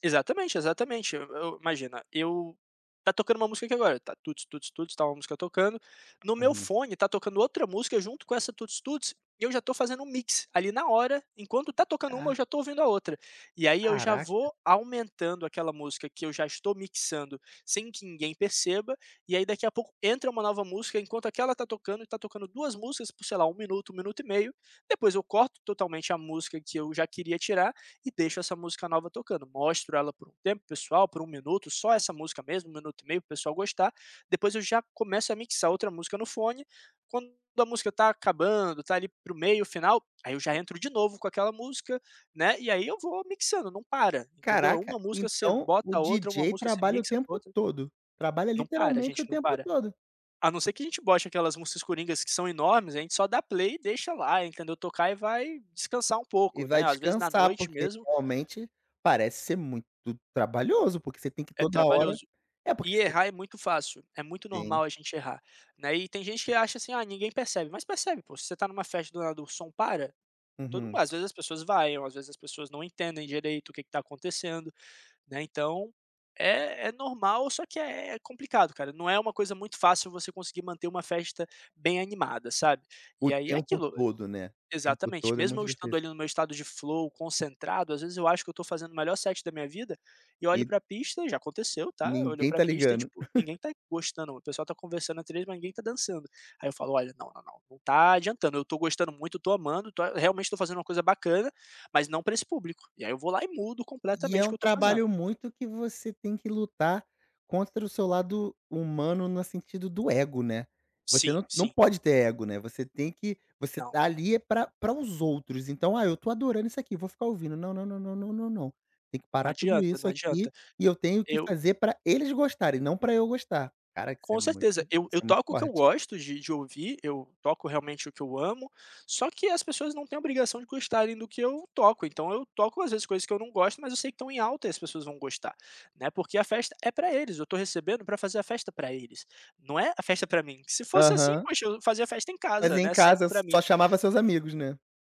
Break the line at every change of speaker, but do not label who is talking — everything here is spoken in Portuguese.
Exatamente, exatamente. E eu, imagina, eu está tocando uma música aqui agora, está tuts-tuts-tuts, está uma música tocando, no meu
Uhum.
fone está tocando outra música junto com essa tuts-tuts, e eu já estou fazendo um mix ali na hora. Enquanto está tocando uma,
Ah.
eu já estou ouvindo a outra, e aí eu já
Caraca.
vou aumentando aquela música que eu já estou mixando sem que ninguém perceba. E aí, daqui a pouco, entra uma nova música enquanto aquela está tocando, e estão tocando 2 músicas por, sei lá, 1 minuto, 1 minuto e meio. Depois eu corto totalmente a música que eu já queria tirar e deixo essa música nova tocando. Mostro ela por um tempo para o pessoal, por 1 minuto, só essa música mesmo, 1 minuto e meio, para o pessoal gostar. Depois eu já começo a mixar outra música no fone. Quando a música está acabando, está ali para o meio final, aí eu já entro de novo com aquela música, né, e aí eu vou mixando, não para, entendeu, é
Caraca,
uma música, você
então
bota
o
a outra. Uma
DJ
música, você
trabalha o
mixa com
tempo
outra.
todo, trabalha,
Não para, a
literalmente, o
gente não
tempo
para.
todo.
A não ser que a gente bote aquelas músicas coringas que são enormes, a gente só dá play e deixa lá, entendeu, tocar e vai descansar um
E
pouco,
vai
né, às vezes na
descansar,
noite
porque
mesmo
realmente parece ser muito trabalhoso, porque você tem que
É
toda hora
trabalhoso,
é, porque
e
você
errar é muito fácil, é muito
Sim.
normal a gente errar, né, e tem gente que acha assim: "Ah, ninguém percebe." Mas percebe, pô. Se você está em uma festa, do nada o som para, todo mundo
Uhum.
às vezes as pessoas vaiam ou às vezes as pessoas não entendem direito o que que está acontecendo, né, então é é normal, só que é complicado, cara, não é uma coisa muito fácil você conseguir manter uma festa bem animada, sabe.
O
E aí é
tempo
aquilo
todo, né. O tempo
exatamente,
todo é
mesmo
muito
eu estando
difícil.
ali no meu estado de flow concentrado, às vezes eu acho que eu estou fazendo o melhor set da minha vida e olho
E
para pista, e já aconteceu, tá, eu olho
Ninguém
para
está
pista e,
ligando.
tipo, ninguém tá gostando, o pessoal está conversando atrás, mas ninguém está dançando. Aí eu falo: "Olha, não, não, não, não está adiantando, eu estou gostando muito, estou amando, estou realmente estou fazendo uma coisa bacana, mas não pra esse público.", e aí eu vou lá e mudo
E é
completamente o
um
que eu estou fazendo.
trabalho muito que você tem que lutar contra o seu lado humano no sentido do ego, né. Você
Sim,
não não
sim.
pode ter ego, né, você tem que você
Não.
tá ali é para para os outros, então: "Ah, eu estou adorando isso aqui, vou ficar ouvindo", não, não, não, não, não, não, tem que
Não
parar tudo
adianta,
isso
não
aqui
adianta.
e eu tenho que
Eu
fazer pra eles gostarem e não pra eu gostar. Caraca, isso é
Com
muito
certeza. Eu
isso
eu
é muito
toco o que eu
forte.
gosto de de ouvir, eu toco realmente o que eu amo, só que as pessoas não têm a obrigação de gostarem do que eu toco, então eu toco, às vezes, coisas que eu não gosto, mas eu sei que estão em alta e as pessoas vão gostar, né, porque a festa é pra eles, eu estou recebendo pra fazer a festa pra eles, não é a festa pra mim, se fosse assim,
Aham.
poxa, eu fazia festa em
Mas
casa,
em
né, sempre
casa
pra
só
mim.
chamava seus amigos, né.